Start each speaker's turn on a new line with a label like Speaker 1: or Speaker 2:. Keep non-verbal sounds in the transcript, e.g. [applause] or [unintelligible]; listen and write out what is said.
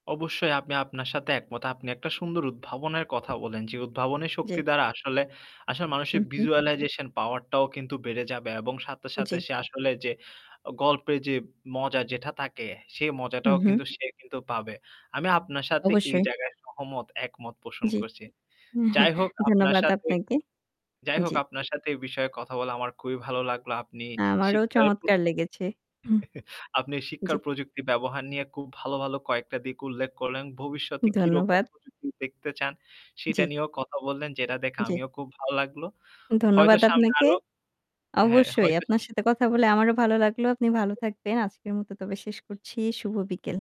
Speaker 1: অবশ্যই। আমি আপনার সাথে একমত। আপনি একটা সুন্দর উদ্ভাবনের কথা বললেন। যে উদ্ভাবনের শক্তি
Speaker 2: জ্বী।
Speaker 1: দ্বারা আসলে আসলে
Speaker 2: হু,
Speaker 1: মানুষের
Speaker 2: হু।
Speaker 1: visualization power টাও কিন্তু বেড়ে যাবে এবং সাথে, সাথে
Speaker 2: জ্বী।
Speaker 1: সে আসলে যে আ গল্পের যে মজা যেটা থাকে সেই
Speaker 2: হু,
Speaker 1: মজাটাও
Speaker 2: হু।
Speaker 1: কিন্তু সে কিন্তু পাবে। আমি আপনার সাথে এই
Speaker 2: অবশ্যই।
Speaker 1: জায়গায় সহমত একমত পোষণ
Speaker 2: জ্বী।
Speaker 1: করছি। যাই
Speaker 2: [chuckles]
Speaker 1: হোক আপনার
Speaker 2: ধন্যবাদ
Speaker 1: সাথে
Speaker 2: আপনাকে।
Speaker 1: যাই হোক
Speaker 2: জ্বি।
Speaker 1: আপনার সাথে এই বিষয়ে কথা বলা আমার খুবই ভালো লাগলো। আপনি
Speaker 2: আমারও
Speaker 1: শিক্ষার প
Speaker 2: চমৎকার লেগেছে। হু।
Speaker 1: [chuckles] আপনি
Speaker 2: জ্বী।
Speaker 1: শিক্ষার প্রযুক্তির ব্যবহার নিয়ে খুব ভালো, ভালো কয়েকটা দিক উল্লেখ করলেন। ভবিষ্যতে কিরকম
Speaker 2: ধন্যবাদ।
Speaker 1: প্রযুক্তি দেখতে চান সেটা
Speaker 2: জ্বী।
Speaker 1: নিয়েও কথা বললেন যেটা দেখে
Speaker 2: জ্বী।
Speaker 1: আমিও খুব ভালো লাগলো। হয়তো
Speaker 2: ধন্যবাদ
Speaker 1: সামনে
Speaker 2: আপনাকে।
Speaker 1: আরও হ্যাঁ,
Speaker 2: অবশ্যই
Speaker 1: হয়তো
Speaker 2: আপনার সাথে কথা বলে আমারও ভালো লাগলো। আপনি ভালো
Speaker 1: [unintelligible]
Speaker 2: থাকবেন। আজকের মত তবে শেষ করছি। শুভ বিকেল।